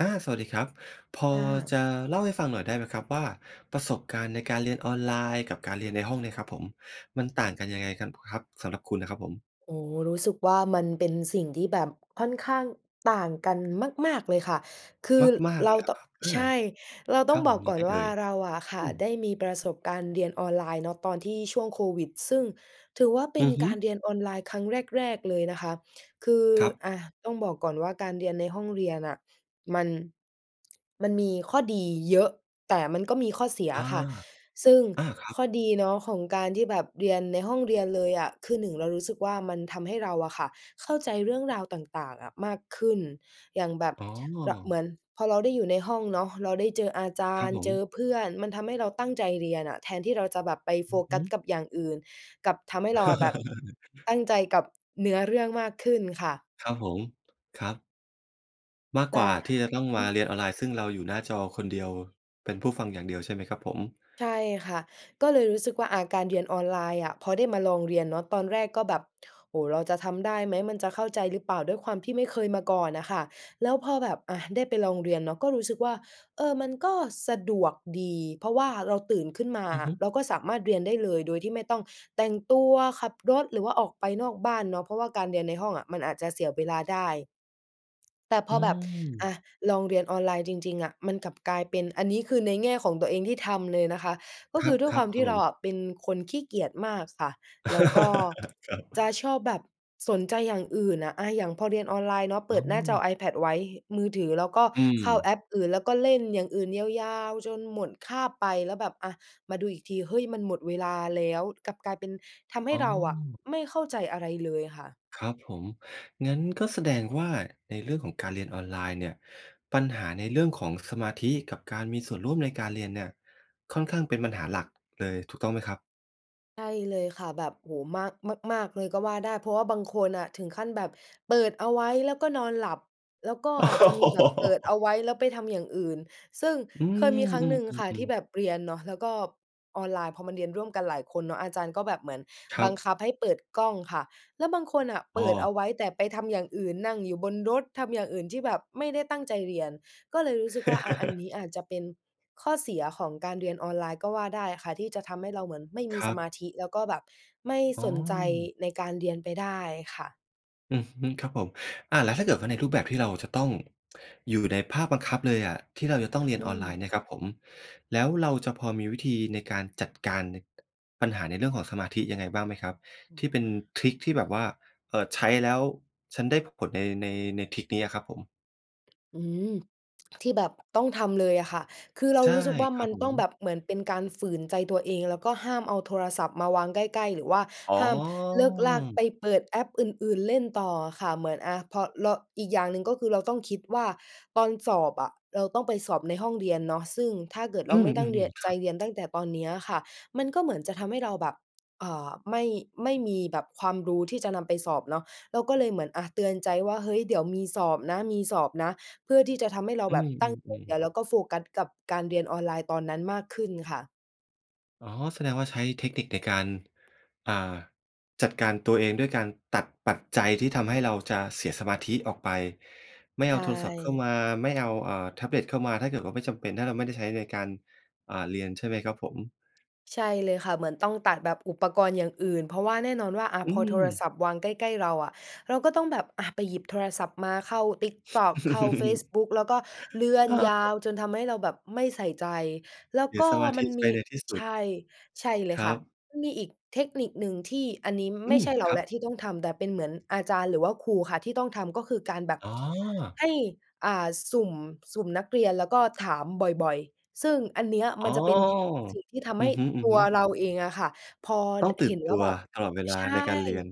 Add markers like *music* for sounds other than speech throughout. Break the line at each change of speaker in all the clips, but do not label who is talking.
อา สวัสดีครับ พอ
ค่ะ
จะเล่าให้ฟังหน่อยได้ไหมครับว่า ประสบการณ์ในการเรียนออนไลน์กับการเรียนในห้องเนี่ยครับผม มันต่างกันยังไง กัน พ ครับ? สำหรับคุณอะครับผม
โอ้โฮ! รู้สึกว่ามันเป็นสิ่งที่แบบค่อนข้างต่างกันมาก ๆ เลยค่ะ คือ
มาก ๆ
เ
เ
ร
ล
า
ย เหรอ
ต้อ
ครับ? อา
ใช่ เราต
ค
้อ
รั
ง
บ
บ
ผ
อก
มย
ก
ั
่
ง
อ
ไ
น
ง
ว
เอ
่า
่ย?
เราอะค่
อ
ะ
ืม
ได้มีประสบการณ์เรียนออนไลน์เนาะ ตอนที่ช่วงโควิด ซึ่งถือว่าเป็
อื
น
อฮึ
การเรียนออนไลน์ครั้งแรก ๆ เลยนะคะ คือ
ครับ
อะ ต้องบอกก่อนว่า การเรียนในห้องเรียนน่ะ มัน มันมีข้อดีเยอะ แต่มันก็มีข้อเสีย
อ
อ
า
ะค่ะ ซึ่ง
อาครับ
ข้อดีเนาะของการที่แบบเรียนในห้องเรียนเลยอะ คือ 1 เรารู้สึกว่า มันทำให้เราอะค่ะเข้าใจเรื่องราวต่าง ๆ อะมากขึ้น อย่างแบบ
อ๋อ
ละ เหมือนพอเราได้อยู่ในห้องเนาะ เราได้เจออาจา
ครั
ร
บ
ย์
ผ
เจ
ม
อเพื่อน มันทำให้เราตั้งใจเรียนน่ะ แทนที่เราจะแบบไป
อ
โฟ
ือ
ก
ฮ
ัส
ึ
กับอย่างอื่น กลับทำให้เราแบบ ต
*chuckles*
ั้งใจกับเนื้อเรื่องมากขึ้นค่ะ
ครับผม ครับ มาก
แต
ก
่
ว่าที่จะต้อง
อ
ม
ื
า
ม
เรียนออนไลน์ ซึ่งเราอยู่หน้าจอคนเดียว เป็นผู้ฟังอย่างเดียวใช่ไหมครับผม?
ใช่ค่ะ ก็เลยรู้สึกว่า อะ การเรียนออนไลน์อะ พอได้มาลองเรียนเนาะ ตอนแรกก็แบบ "โอ้โฮ! เราจะทำได้ไหม มันจะเข้าใจหรือเปล่า?" ด้วยความที่ไม่เคยมาก่อนน่ะค่ะ แล้วพอแบบ อะ ได้ไปลองเรียนเนาะ ก็รู้สึกว่า เออ มันก็สะดวกดี เพราะว่าเราตื่นขึ้นมา
อือ
อ
ฮ
ะ
ึ
เราก็สามารถเรียนได้เลย โดยที่ไม่ต้องแต่งตัว ขับรถ หรือว่าออกไปนอกบ้านเนาะ เพราะว่าการเรียนในห้องอะ มันอาจจะเสียเวลาได้ แต่พ
อื
อแบบ อ
ม
ะ ลองเรียนออนไลน์จริง ๆ อะ มันกลับกลายเป็น อันนี้คือในแง่ของตัวเองที่ทำเลยนะคะ ก็
คร
ค
ั
ื
บ
อด้ว
ๆ
ย
คร
ค
ั
ว
บ
าม
ผ
ที่เรา
ม
อะเป็นคนขี้เกียจมากค่ะ แล้วก็
*laughs* ครับ
จะชอบแบบสนใจอย่างอื่นอะ อะ อย่างพอเรียนออนไลน์เนาะ เป
อ
ิ
๋
ดหน้าจอ
อ
iPad ไว้ มือถือ แล้วก็
อื
เข้าแ
ม
อปอื่น แล้วก็เล่นอย่างอื่นยาว ๆ จนหมดคาบไป แล้วแบบ อะ มาดูอีกที เฮ้ย มันหมดเวลาแล้ว กลับกลายเป็นทำให
อ
้
๋
เราอะ
อ
ไม่เข้าใจอะไรเลยค่ะ
ครับผม งั้นก็แสดงว่า ในเรื่องของการเรียนออนไลน์เนี่ย ปัญหาในเรื่องของสมาธิกับการมีส่วนร่วมในการเรียนเนี่ย ค่อนข้างเป็นปัญหาหลักเลย ถูกต้องไหมครับ?
ใช่เลยค่ะ แบบ โอ้โฮ! มาก มาก ๆ เลยก็ว่าได้ เพราะว่าบางคนน่ะถึงขั้นแบบเปิดเอาไว้ แล้วก็นอนหลับ แล้วก็อาจจะมีแบบเปิดเอ
*laughs*
าไว้ แล้วไปทำอย่างอื่น ซึ่ง
อื
เคยมีครั้งหนึ่ง
ม
ค่ะที
ๆ
่
ๆ ๆ
แบบเรียนเนาะ แล้วก็ออนไลน์ พอมันเรียนร่วมกันหลายคนเนาะ อาจารย์ก็แบบเหมือน
คร
บ
ั
ัง
บ
คับให้เปิดกล้องค่ะ แล้วบางคนน่ะเ
อ
ป
้
ิดเอ
อ
าไว้ แต่ไปทำอย่างอื่นนั่งอยู่บนรถ ทำอย่างอื่นที่แบบไม่ได้ตั้งใจเรียน ก็เลยรู้สึกว่า อะ อันน
*chuckles*
ี้อาจจะเป็น ข้อเสียของการเรียนออนไลน์ก็ว่าได้ค่ะ ที่จะทำให้เราเหมือนไม่มี
คร
ส
ั
มา
บ
ธิแล้วก็แบบไม่
อ๋อ
สนใจในการเรียนไปได้ค่ะ
อือฮึ ครับผม อะ แล้วถ้าเกิดว่าในรูปแบบที่เราจะต้อง อยู่ในภาคบังคับเลยอะ ที่เราจะต้องเรีย
อ
น
ื
ออนไล
ม
น์นะครับผม แล้วเราจะพอมีวิธีในการจัดการใน ปัญหาในเรื่องของสมาธิยังไงบ้างไหมครับ?
อื
ที่เ
อ
ป็นทริกที่แบบว่า เอ่อ ใช้แล้ว ฉันได้ผล ใน ใน ในทริกเนี้ยอะครับผม
อืม ที่แบบต้องทำเลยอะค่ะ คือเรา
ใช่
รู้สึกว่า
คร
ม
ั
ั
บ
น
ผ
ต้อง
ม
แบบเหมือนเป็นการฝืนใจตัวเอง แล้วก็ห้ามเอาโทรศัพท์มาวางใกล้ ๆ หรือว่า
อ๋อ
ห้ามเลิ่กลั่กไปเปิดแอปอื่น ๆ เล่นต่ออะค่ะ เหมือนอะ พอเรา อีกอย่างหนึ่งก็คือเราต้องคิดว่าตอนสอบอะ เราต้องไปสอบในห้องเรียนเนาะ ซึ่งถ้าเกิดเ
อ
ร
ื
าไม่ตั้งเร
ม
ียน
ๆ ๆ ค
ใจ
รับ
เรียนตั้งแต่ตอนเนี้ยค่ะ มันก็เหมือนจะทำให้เราแบบ อ่า ไม่ ไม่มีแบบความรู้ที่จะนำไปสอบเนาะ เราก็เลยเหมือนอะ เตือนใจว่า เฮ้ย เดี๋ยวมีสอบนะ มีสอบนะ เพื่อที่จะทำให้เรา
อื
แบบตั้งใจ
ม
เรีย
ๆ ๆ
นแล้วก็โฟกัสกับการเรียนออนไลน์ตอนนั้นมากขึ้นค่ะ
อ๋อ แสดงว่าใช้เทคนิคในการ อ่า จัดการตัวเองด้วยการตัดปัจจัยที่ทำให้เราจะเสียสมาธิออกไป ไม่เ
ใ
อ
ช
าโทรศัพท์เข้าม
่
า ไม่เอา อ่า แท็บเล็ตเข้ามา ถ้าเกิดว่าไม่จำเป็น ถ้าเราไม่ได้ใช้ในการ อ่า เรียนใช่ไหมครับผม?
ใช่เลยค่ะ เหมือนต้องตัดแบบอุปกรณ์อย่างอื่น เพราะว่าแน่นอนว่า อะ
อื
พอโทร
ม
ศัพท์วางใกล้ ๆ เราอะ เราก็ต้องแบบ อะ ไปหยิบโทรศัพท์มาเข้า TikTok เข้าเฟซบุ๊ก แล้ว
*chuckles*
ก็เลื่อนยา
*unintelligible*
วจนทำให้เราแบบไม่ใส่ใจ แล้ว
เสีย
ก็
สมาธ
มั
ิ
น
ไ
ม
ป
ี
ในที่ส
ใ
ุ
ช
ด
่ ใช่เล
ค
ย
ร
ค่
ั
ะ
บ
มีอีกเทคนิคหนึ่งที่อันนี้
อ
ไม
ื
่ใ
ม
ช่เรา
คร
แ
ั
ล
บ
้วที่ต้องทำ แต่เป็นเหมือนอาจารย์หรือว่าครูค่ะที่ต้องทำ ก็คือการแบบ
อ๋อ
ให้ อ่า สุ่ม สุ่มนักเรียน แล้วก็ถามบ่อย ๆ ซึ่งอันเนี้ย
อ
ม
๋
ั
อ
นจะเป็นเท สิ่งที่ทำ
อ
ใ
ื
ห้
อฮึ
ตัว
ๆ
เราเองอะค่ะ พอ ด
ต้องตื
เ
่
ห็
น
น
ต
ว่า
ัว
แบบ
ตลอดเวล
ใ
า
ช่
ในการเรียน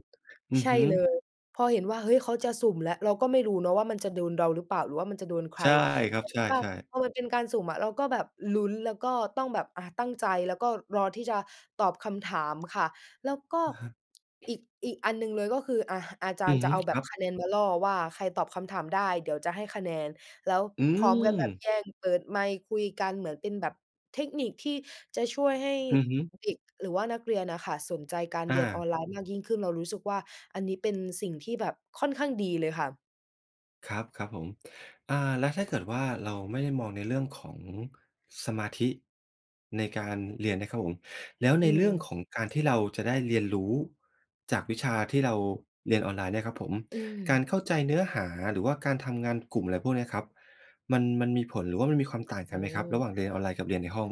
อื
ใ
อ
ช่
ฮึ
เลย พอเห็นว่า เฮ้ย เขาจะสุ่มแล้ว เราก็ไม่รู้เนาะว่ามันจะโดนเราหรือเปล่า หรือว่ามันจะโดนใค
ใ
ร?
ช่คร
แ
ั
บ
บ
บ
ใช
ว่า
่ ๆ
พอมันเป็นการสุ่มอะ เราก็แบบลุ้น แล้วก็ต้องแบบ อ่า ตั้งใจ แล้วก็รอที่จะตอบคำถามค่ะ แล้วก็
อะฮะ
อีก อีกอันหนึ่งเลย ก็คืออา อาจา
อื
รย
อ
์จ
ฮ
ะ
ึ
เอาแบ
คร
บ
ับ
คะแนนมาล่อว่า ใครตอบคำถามได้เดี๋ยวจะให้คะแนน แล้ว
อื
พร้อมกันแบบ
ม
แย่งเปิดไมค์คุยกันเหมือนเป็นแบบเทคนิคที่จะช่วยให้
อือฮึ
เด็กหรือว่านักเรียนน่ะค่ะ สนใจการ
อ
เรียนออ
า
นไลน์มากยิ่งขึ้น เรารู้สึกว่า อันนี้เป็นสิ่งที่แบบค่อนข้างดีเลยค่ะ
ครับ ครับผม อ่า แล้วถ้าเกิดว่าเราไม่ได้มองในเรื่องของสมาธิ ในการเรียนนะครับผม แล้ว
อ
ใ
ื
นเรื่อง
ม
ของการที่เราจะได้เรียนรู้จากวิชาที่เราเรียนออนไลน์เนี่ยครับผม
อื
การ
ม
เข้าใจเนื้อหาหรือว่าการทำงานกลุ่ม อะไรพวกเนี้ยครับ มัน มันมีผลหรือว่ามันมีความต่าง
โอ
กั
้
นไหม
โ
ครับ? ระห
ฮ
ว่างเรียนออนไลน์กับเรียนในห้อง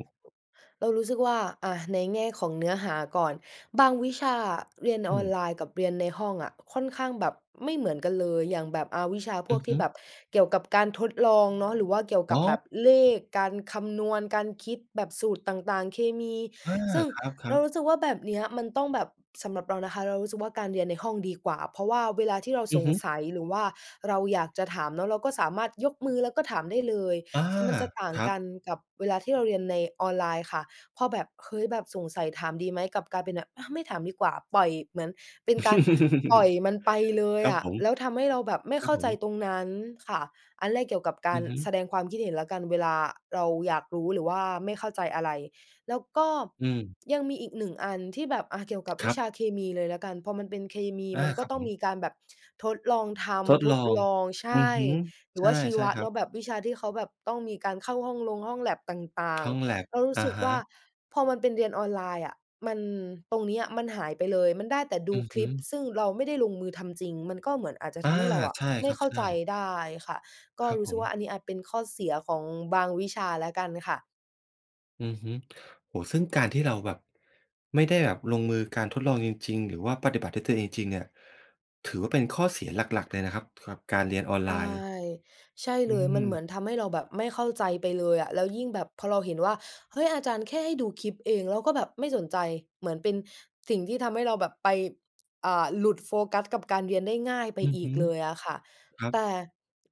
เรารู้สึกว่า อะ ในแง่ของเนื้อหาก่อน บางวิชาอะ เรียน
อื
ออน
ม
ไลน์กับเรียนในห้องอะ ค่อนข้างแบบไม่เหมือนกันเลย อย่างแบบ อา วิชาพ
อื
วก
อ
ท
ฮ
ี่
ึ
แบบเกี่ยวกับการทดลองเนาะ หรือว่าเกี่ยวก
อ
ับ
๋
แบ
อ
บเลข การคำนวณ การคิดแบบสูตร ต่าง ๆ เคมี
เออ
ซึ่ง
ครั
เรา
บ
ร
ๆ
ู้สึกว่าแบบนี้อะมันต้องแบบ สำหรับเรานะคะ เรารู้สึกว่าการเรียนในห้องดีกว่า เพราะว่าเวลาที่เรา
อื
ส
อฮ
ง
ึ
สัย หรือว่าเราอยากจะถามเนาะ เราก็สามารถยกมือแล้วก็ถามได้เลย
อา
ซ มันจะต่าง
ครั
ก
บ
ันกับเวลาที่เราเรียนในออนไลน์ค่ะ พอแบบ เฮ้ย แบบสงสัยถามดีไหม? กับกลายเป็นแบบ อะ ไม่ถามดีกว่าปล่อย เหมือนเป็นการปล่อย
*chuckles*
มันไปเลย
ครับ
อะ
ผม
แล้วทำให้เราแบบไม่
คร
เ
ั
ข
บ
้า
ผ
ใจ
ม
ตรงนั้นค่ะ อันแรกเกี่ยวกับกา
อื
ร
อฮึ
แสดงความคิดเห็นแล้วกัน เวลาเราอยากรู้หรือว่าไม่เข้าใจอะไร แล้วก็
อืม
ยังมีอีก 1 อันที่แบบ อา เกี่ยวกับ
ค
วิ
รับ
ชาเคมีเลยแล้วกัน พอมันเป็นเคมี
อา
มันก
ค
็
รับ
ต้
ผ
อง
ม
มีการแบบทดลองท
ทด
ำ ท
ลอ
ด
ง
ลอง ใช
อื
่
อฮึ
หรื
ใ
อว่าชี
ช
ว
่
ะ
ๆ คร
เน
ั
า
บ
ะ แบบวิชาที่เขาแบบต้องมีการเข้าห้องลงห้องแล็บต่า
ห
ง
้องแล็บ
ๆ เรารู
อ
้
ะ
สึก
ฮ
ว่า
ะ
พอมันเป็นเรียนออนไลน์อะ มัน ตรงนี้อะมันหายไปเลย มันได้แต่ด
อ
ู
ือ
ค
ฮ
ล
ึ
ิปซึ่งเราไม่ได้ลงมือทำจริง มันก็เหมือนอาจจะ
อา
ทำให้เราอะ
ใช่
ไม
ค
่
รับ
เข้า
ใช
ใ
่
จได้ค่ะ ก็
ครับ
รู
ผ
้สึกว่า
ม
อันนี้อาจเป็นข้อเสียของบางวิชาแล้วกันค่ะ
อือฮึ โอ้โฮ ซึ่งการที่เราแบบ ไม่ได้แบบลงมือการทดลองจริง ๆ หรือว่าปฏิบัติด้วยตัวเองจริง ๆ เนี่ย ถือว่าเป็นข้อเสียหลัก ๆ เลยนะครับ กับการเรียนออน
ใช
ไล
่
น์
ใช่
อ
เ
ื
ลย มันเ
ม
หมือนทำให้เราแบบไม่เข้าใจไปเลยอะ แล้วยิ่งแบบพอเราเห็นว่า เฮ้ย อาจารย์แค่ให้ดูคลิปเอง แล้วก็แบบไม่สนใจ เหมือนเป็นสิ่งที่ทำให้เราแบบไป อ่า หลุดโฟกัสกับการเรียนได้ง่ายไป
อือ
อ
ฮ
ีก
ึ
เลยอะค่ะ
ครับ
แต่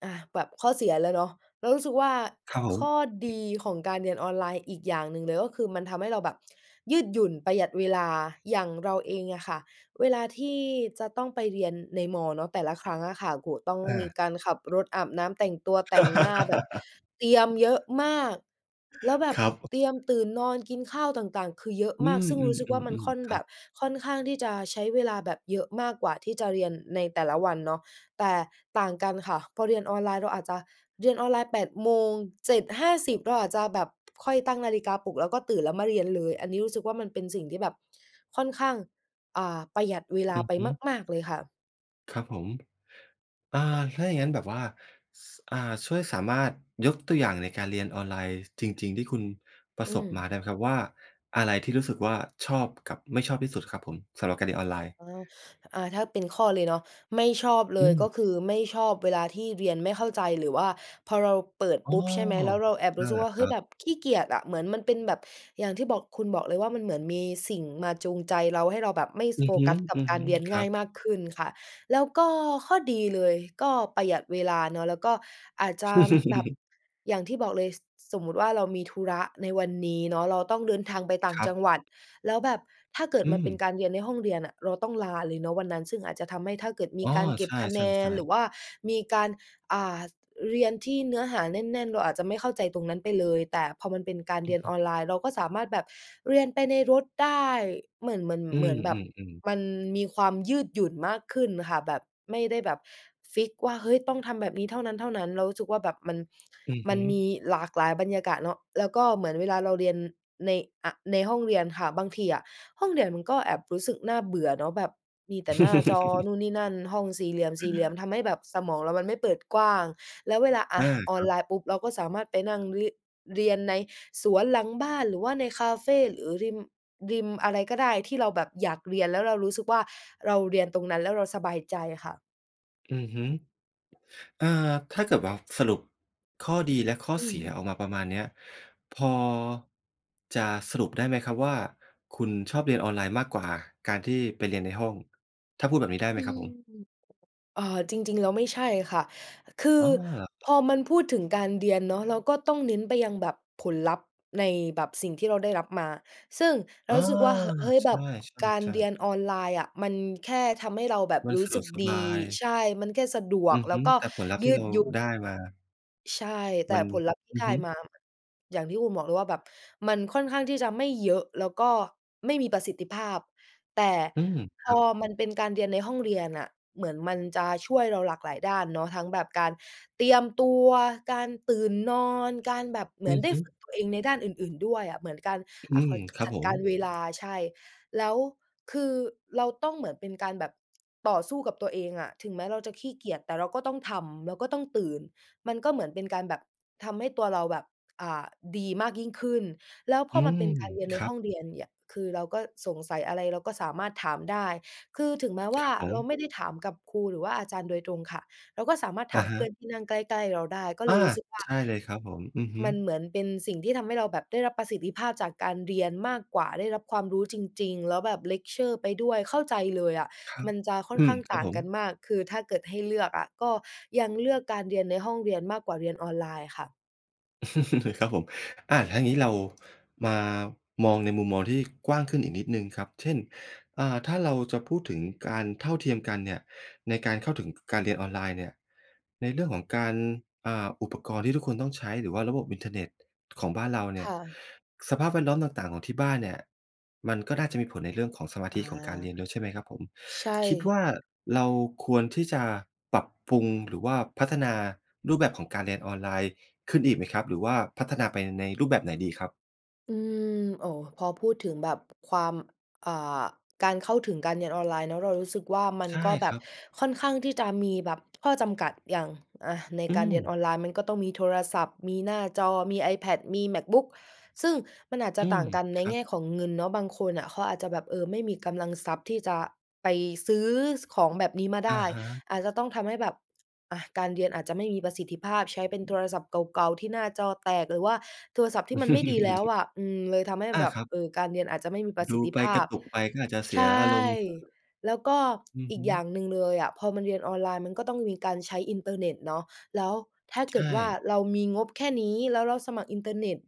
อ่า แบบข้อเสียแล้วเนาะ เรารู้สึกว่า
เขา
ข้อดีของการเรียนออนไลน์อีกอย่างหนึ่งเลย ก็คือมันทำให้เราแบบยืดหยุ่น ประหยัดเวลา อย่างเราเองอะค่ะ เวลาที่จะต้องไปเรียนใน ม. เนาะ แต่ละครั้งอะค่ะ โอ้โฮ ต้อง
อ
มี
า
การขับรถ อาบน้ำ แต่งตัว แต่งหน้า แบบเตรียมเย
*laughs*
อะมาก แล้วแบบ
ครับ
เตรียมตื่นนอนกินข้าวต่าง ๆ คือเยอะ
อื
มาก ซึ่งรู้สึกว่ามัน
ม
ค่
ๆ
อน
ๆ ๆ ค
แ
ร
บ
ับ
บค่อนข้างที่จะใช้เวลาแบบเยอะมากกว่าที่จะเรียนในแต่ละวันเนาะ แต่ต่างกันค่ะ พอเรียนออนไลน์เราอาจจะเรียนออนไลน์ 8 โมง 7:50 เราอาจจะแบบค่อยตั้งนาฬิกาปลุก แล้วก็ตื่นแล้วมาเรียนเลย อันนี้รู้สึกว่า มันเป็นสิ่งที่แบบค่อนข้าง อ่า ประหยัดเวลา
อือ
ไป
ฮึ
มาก ๆ เลยค่ะ
ครับผม อ่า ถ้าอย่างงั้นแบบว่า ส อ่า ช่วยสามารถยกตัวอย่างในการเรียนออนไลน์จริง ๆ ที่คุณปร
อ
ะ
ื
สบม
ม
าได้ไหมครับว่า อะไรที่รู้สึกว่าชอบกับไม่ชอบที่สุดครับผม สำหรับการเรียนออนไลน์?
อ๋อ อ่า ถ้าเป็นข้อเลยเนาะ ไม่ชอบเ
อ
ล
ื
ย ก็
ม
คือไม่ชอบเวลาที่เรียนไม่เข้าใจ หรือว่าพอเราเปิด
อ๋
ป
อ
ุ๊บ ใช่ไหม แล้วเราแอบ
น
รู
ั
้
่
ส
น
ึ
แ
ก
หล
ว
ะ
่า
ค
เฮ
ร
้ย
ั
แ
บ
บบขี้เกียจอะ เหมือนมันเป็นแบบอย่างที่บอก คุณบอกเลยว่า มันเหมือนมีสิ่งมาจูงใจเรา ให้เราแบบไม่
อื
โฟ
อฮึ
กัสกับการเรียน
ๆ ค
ง
ร
่
ั
าย
บ
มากขึ้นค่ะ แล้วก็ข้อดีเลยก็ประหยัดเวลาเนาะ แล้วก็อาจจะแบบ
*chuckles*
อย่างที่บอกเลย ส สมมุติว่า เรามีธุระในวันนี้เนาะ เราต้องเดินทางไปต่า
ค
ง
รั
จ
บ
ังหวัด แล้วแบบถ้าเกิด
อื
มันเป็น
ม
การเรียนในห้องเรียนน่ะ เราต้องลาเลยเนาะวันนั้น ซึ่งอาจจะทำให้ถ้าเกิดมี
อ๋อ
การเก็
ใ
บ
ช
คะแนน
่
หร
ๆ
ือ
ๆ
ว่ามีการ อ่า เรียนที่เนื้อหาแน่น ๆ เราอาจจะไม่เข้าใจตรงนั้นไปเลย แต่พอมันเป็นการ
อ
เ
ื
รี
อ
ยน
ฮ
อ
ึ
อนไลน์ เราก็สามารถแบบเรียนไปในรถได้ เหมือน เหมือน
อื
เหมือนแบบ
ม ๆ ๆ
มันมีความยืดหยุ่นมากขึ้นค่ะ แบบ ไม่ได้แบบฟิกซ์ว่า เฮ้ย ต้องทำแบบนี้เท่านั้น ๆ เรารู้สึกว่า แบบมัน
อือ
ม
ฮ
ันม
ึ
ีหลากหลายบรรยากาศเนาะ แล้วก็เหมือนเวลาเราเรียนใน อะ ในห้องเรียนค่ะ บางทีอะ ห้องเรียนมันก็แอบรู้สึกน่าเบื่อเนาะ แบบมีแต่หน้าจอ
*chuckles*
นู่นนี่นั่น ห้องสี่เหลี่ยม ๆ ทำให้แบบสมองเรามันไม่เปิดกว้าง แล้วเวลา อ
อ
ะ
า
ออ
ค
น
รั
ไ
บ
ลน์ปุ๊บ เราก็สามารถไปนั่งริ เรียนในสวนหลังบ้าน หรือว่าในคาเฟ หรือริม ริมอะไรก็ได้ ที่เราแบบอยากเรียน แล้วเรารู้สึกว่า เราเรียนตรงนั้นแล้วเราสบายใจค่ะ
อือฮึ อ่า ถ้าเกิดว่าสรุปข้อดีและข้อ
อื
เสียอ
ม
อกมาประมาณเนี้ย พอ จะสรุปได้ไหมครับว่า คุณชอบเรียนออนไลน์มากกว่าการที่ไปเรียนในห้อง ถ้าพูดแบบนี้ได้ไห
อ
ม
ื
ครับ
ม
ผม?
เออ จริง ๆ แล้วไม่ใช่ค่ะ คือ
อ๋
พ
อ
อมันพูดถึงการเรียนเนาะ เราก็ต้องเน้นไปยังแบบผลลัพธ์ในแบบสิ่งที่เราได้รับมา ซึ่งเรา
อา
รู้สึกว่า ฮ เฮ้ย
ใช
แบบการ
่
เรีย
ๆ ๆ
นออนไลน์อะ มันแค่ทำให้เราแบบ
มัน
รู
ส
้
ะด
สึ
ว
ก
กส
ดี
บาย
ใช่ มันแค่สะดว
อื
ก
อ
แล
ฮ
้
ึ
วก็
แต่ผลลัพธ์
ย
ท
ื
ี่เ
ด
รา
หยุ่น
ได้มา
ใช่ แต่
มัน
ผลลัพธ์ที่
อื
ได
อ
้
ฮึ
มา อย่างที่คุณบอกเลยว่าแบบมันค่อนข้างที่จะไม่เยอะ แล้วก็ไม่มีประสิทธิภาพ แต่
อืม ค
พ
รั
อ
บ
มันเป็นการเรียนในห้องเรียนน่ะ เหมือนมันจะช่วยเราหลากหลายด้านเนาะ ทั้งแบบการเตรียมตัว การตื่นนอน การแบบเหม
อื
ือน
อ
ได้
ฮึ
ฝึกตัวเองในด้านอื่น ๆ ด้วยอะ เหมือนการ
อื
อ่า เข
ม
าเรียก
ครั
จ
บ
ัด
ผ
ก
ม
ารเวลา ใช่ แล้วคือเราต้องเหมือนเป็นการแบบต่อสู้กับตัวเองอะ ถึงแม้เราจะขี้เกียจ แต่เราก็ต้องทำ เราก็ต้องตื่น มันก็เหมือนเป็นการแบบทำให้ตัวเราแบบ อ่า ดีมากยิ่งขึ้น แล้วพ
อื
อมันเ
ม
ป็นการเรียนใ
ค
น
รั
ห้
บ
องเรียนเนี่ย คือเราก็สงสัยอะไรเราก็สามารถถามได้ คือถึงแม้ว่
ค
า
รับผ
เรา
ม
ไม่ได้ถามกับครูหรือว่าอาจารย์โดยตรงค่ะ เราก็สามารถถ
อ
า
ะ
ม
ฮ
เพื่อ
ะ
นที่นั่งใกล้ ๆ เราได้ ก็
อ
เล
า
ยรู้สึกว่า
ใช่เลยครับผม อือฮึ
มันเหมือนเป็นสิ่งที่ทำให้เราแบบได้รับประสิทธิภาพจากการเรียนมากกว่า ได้รับความรู้จริง ๆ แล้วแบบเลกเชอร์ไปด้วย เข้าใจเลยอะ
ครับ
มันจะค่อน
อื
ข้
อ
าง
คร
ต
ับ
่าง
ผม
กันมาก คือถ้าเกิดให้เลือกอะ ก็ยังเลือกการเรียนในห้องเรียนมากกว่าเรียนออนไลน์ค่ะ
*chuckles* ครับผม อา แล้วอย่างงี้ เรามามองในมุมมองที่กว้างขึ้นอีกนิดหนึ่งครับ เช่น อ่า ถ้าเราจะพูดถึงการเท่าเทียมกันเนี่ย ในการเข้าถึง ก การเรียนออนไลน์เนี่ย ในเรื่องของการ อ่
อ
า
ืม
อุปกรณ์ที่ทุกคนต้องใช้ หรือว่าระบบอินเทอร์เน็ตของบ้านเราเน
ค
ี่ย
่ะ
สภาพแวดล้อมต่าง ๆ ของที่บ้านเนี่ย มันก็น่าจะมีผลในเรื่องของสมา
อ
ธ
า
ิของการเรียนด้วยใช่ไหมครับผม?
ใช่
คิดว่าเราควรที่จะปรับปรุง หรือว่าพัฒนารูปแบบของการเรียนออนไลน์ขึ้นอีกไหมครับ? หรือว่าพัฒนาไปในรูปแบบไหนดีครับ?
อืม โอ้ พอพูดถึงแบบความ อ่า การเข้าถึงการเรียนออนไลน์แล้ว เรารู้สึกว่า มั
ใ
น
ช่
ก็แบ
คร
บ
ับ
ค่อนข้างที่จะมีแบบข้อจำกัดอย่าง อะ ใน
อื
การเรียนอ
ม
อนไลน์มันก็ต้องมีโทรศัพท์ มีหน้าจอ มี iPad มี MacBook ซึ่งมันอาจจ
อ
ะ
ื
ต่า
ม
งกันใน
ครั
แง
บ
่ของเงินเนาะ บางคนน่ะ เขาอาจจะแบบ เออ ไม่มีกำลังทรัพย์ที่จะไปซื้อของแบบนี้มาไ
อ
ด
ะ
้
ฮะ
อาจจะต้องทำให้แบบ อะ การเรียนอาจจะไม่มีประสิทธิภาพ ใช้เป็นโทรศัพท์เก่า ๆ ที่หน้าจอแตก หรือว่าโทรศัพท์ที่มันไม่ดีแล้ว
*chuckles*
อะ อืม เลยทำให้
อา
แบบ
ครับ
เออ การเรียนอาจจะไม่มีประ
ด
ส
ู
ิทธิ
ไป
ภ
ก
า
ร
พ
ะตุกไปก็อาจจะเส
ใช
ี
่
ยอารมณ์
แล้วก็
อือ
อี
ฮ
ก
ึ
อย่างหนึ่งเลยอะ พอมันเรียนออนไลน์ มันก็ต้องมีการใช้อินเทอร์เน็ตเนาะ แล้วถ้า
ใ
เ
ช
กิดว่า
่
เรามีงบแค่นี้ แล้วเราสมัครอินเทอร์เน็ต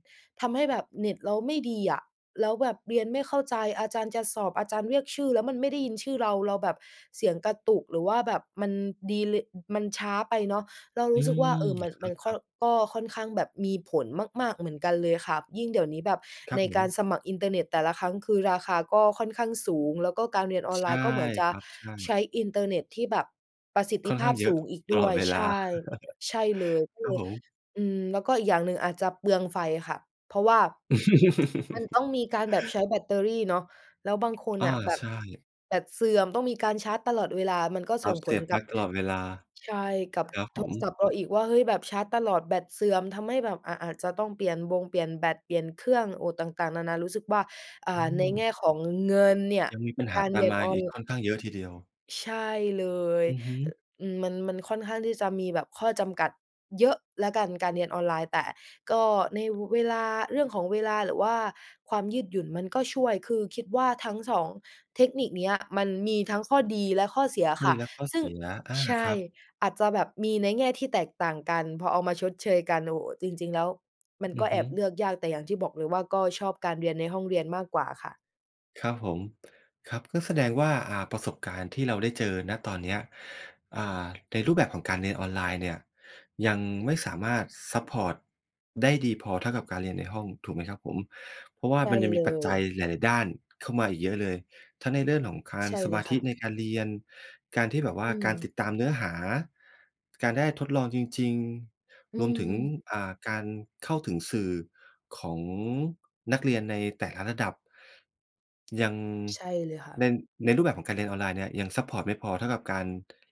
ทำให้แบบเน็ตเราไม่ดีอะ แล้วแบบเรียนไม่เข้าใจ อาจารย์จะสอบ อาจารย์เรียกชื่อ แล้วมันไม่ได้ยินชื่อเรา เราแบบเสียงกระตุก หรือว่าแบบมันดีเลย์ มันช้าไปเนาะ เรา
อ
ร
ื
ู้สึกว่า เอ
ม
อ มัน
ค
มันค่อ
รับ ๆ
ก็ค่อนข้างแบบมีผลมาก ๆ เหมือนกันเลยค่ะ ยิ่งเดี๋ยวนี้แบบ
ครั
ใน
บผ
การ
ม
สมัครอินเทอร์เน็ตแต่ละครั้ง คือราคาก็ค่อนข้างสูง แล้วก็การเรียนออน
ใช
ไล
่
น์ ก็เหมือนจ
ค
ะ
รับ ใช่
ใช้อินเทอร์เน็ตที่แบบประสิทธ
ค่
ิ
อน
ภ
ข้
า
า
พ
งเย
ส
อะ
ูงอีก
ต
ด
ล
้ว
อด
ย
เว
ใ
ล
ช
า
่ ใช่เลย
*chuckles*
ก็
คร
เล
ับ
ย
ผม
อืม แล้วก็อีกอย่างหนึ่งอาจจะเปลืองไฟค่ะ เพราะว่า มันต้อง
*chuckles*
มีการแบบใช้แบตเตอรี่เนาะ แล้วบางคน
อา
น่ะแบ
ใ
บ
ช่
แบตเสื่อมต้องมีการชาร์จตลอดเวลา มันก็
ค
ส
รั
่
บ
ง
เส
ผ
ี
ล
ยบป
ก
ล
ั
ั
บ
๊กตลอดเวลา
ใช่ กับ
ครับ
โ
ผ
ทรศั
ม
พท์เราอีกว่า เฮ้ย แบบชาร์จตลอดแบตเสื่อม ทำให้แบบอะอาจจะต้องเปลี่ยนบงเปลี่ยนแบต เปลี่ยนเครื่อง โอ้ ต่าง ๆ นานา รู้สึกว่า อ่า
อื
ในแง
ม
่ของเงินเนี่ย
ยังมีปัญห
ก
า
าร
ต
เร
า
ี
ม
ยน
มา
ออ
อีก
น
ค่อนข้างเยอะทีเดียว
ใช่เลย
อือฮึ
อ อืม มัน มันค่อนข้างที่จะมีแบบข้อจำกัดเยอะแล้วกัน การเรียนออนไลน์ แต่ก็ในเวลา เรื่องของเวลา หรือว่าความยืดหยุ่น มันก็ช่วย คือคิดว่าทั้ง 2 เทคนิคเนี้ย มันมีทั้งข้อดีและข้อเสีย
ข้อ
ค่
ด
ะ
ีและข้อ
ซึ
เ
่
ส
ง
ีย อา
ใช
ค
่
รับ
อาจจะแบบมีในแง่ที่แตกต่างกัน พอเอามาชดเชยกัน โอ้โฮ จริง ๆ แล้วมัน
อ
ก
ื
็
อ
แ
ฮ
อ
ึ
บเลือกยาก แต่อย่างที่บอกเลยว่า ก็ชอบการเรียนในห้องเรียนมากกว่าค่ะ
ครับผม ครับ ก็แสดงว่า อ่า ประสบการณ์ที่เราได้เจอ ณ ตอนเนี้ย อ่า ในรูปแบบของการเรียนออนไลน์เนี่ย ยังไม่สามารถซัปพอร์ตได้ดีพอเท่ากับการเรียนในห้อง ถูกไหมครับผม? เพราะว่า
ใช่
มันยัง
เ
ม
ล
ีปัจจัย
ย
หลาย ๆ ด้านเข้ามาอีกเยอะเลย ทั้งในเรื่องของคา
ใ
น
ช่
ส
เล
ม
ย
า
ค
ธ
่
ิ
ะ
ในการเรียน การที่แบบว่
อ
า
ื
การ
ม
ติดตามเนื้อหา การได้ทดลองจริง
อื
ๆ รวมถึง
ม
อ่า การเข้าถึงสื่อของนักเรียนในแต่ละระดับ ยัง
ใช่เลยค่
ใ
ะ
น ในรูปแบบของการเรียนออนไลน์เนี่ย ยังซัปพอร์ตไม่พอเท่ากับการ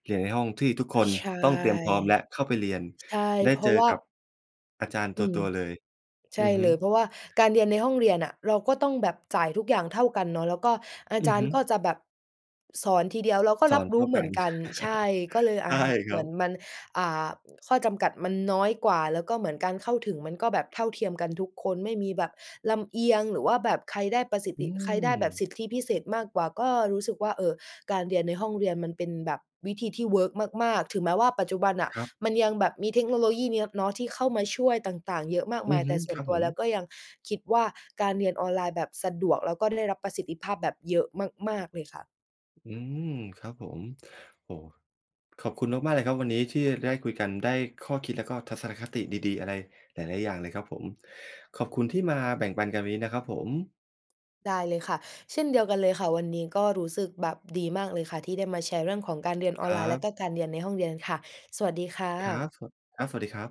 เรียนในห้องที่ทุกคน
ใช่
ต้องเตรียมพร้อมและเข้าไปเรียน
ใช่
ได้
เพร
เ
า
จ
ะ
อ
ว่า
กับ อาจารย์
อ
ต
ืม
ัว ๆ เลย
ใ
อ
ช
ื
่
อฮึ
เลย เพราะว่าการเรียนในห้องเรียนน่ะ เราก็ต้องแบบจ่ายทุกอย่างเท่ากันเนาะ แล้วก็อา
อ
จ
ือ
า
ฮ
รย
ึ
์ก็จะแบบ สอนทีเดียว เราก็
ส
ร
อ
ับ
นเ
ร
ท
ู
่
้
า
เห
ก
ม
ั
ือน
น
กัน ใช่ ก็เล
*chuckles*
ย
ใช
อ
่
ะ
ค
เ
ร
หม
ั
ือน
บ
มัน อ่า ข้อจำกัดมันน้อยกว่า แล้วก็เหมือนการเข้าถึง มันก็แบบเท่าเทียมกันทุกคน ไม่มีแบบลำเอียง หรือว่าแบบใครได้ประสิท
อื
ธิ ใครได้แบบ
ม
สิทธิพิเศษมากกว่า ก็รู้สึกว่า เออ การเรียนในห้องเรียนมันเป็นแบบวิธีที่เวิร์กมาก ๆ ถึงแม้ว่าปัจจุบันน่ะ
ครับ
มันยังแบบมีเทคโนโลยีนี้เนาะที่เข้ามาช่วยต่าง ๆ เยอะมาก
อื
มา
อ
ย
ฮ
แต
ึ
่ส่
ค
ว
ร
น
ับ
ต
ผ
ัว
ม
แล้วก็ยังคิดว่า การเรียนออนไลน์แบบสะดวก แล้วก็ได้รับประสิทธิภาพแบบเยอะมาก ๆ เลยค่ะ
อืม ครับผม โอ้โฮ ขอบคุณมาก ๆ เลยครับ วันนี้ที่ได้คุยกัน ได้ข้อคิดแล้วก็ทัศนคติดี ๆ อะไรหลาย ๆ อย่างเลยครับผม ขอบคุณที่มาแบ่งปันกันวันนี้นะครับผม
ได้เลยค่ะ เช่นเดียวกันเลยค่ะ วันนี้ก็รู้สึกแบบดีมากเลยค่ะ ที่ได้มาแชร์เรื่องของการเรียนอ
ค
อน
ร
ไ
ั
ลน์ แล้ว
บ
ก็การเรียนในห้องเรียนค่ะ สวัสดีค่
ครั
ะ
บ สวัส ครับ สวัสดีครับ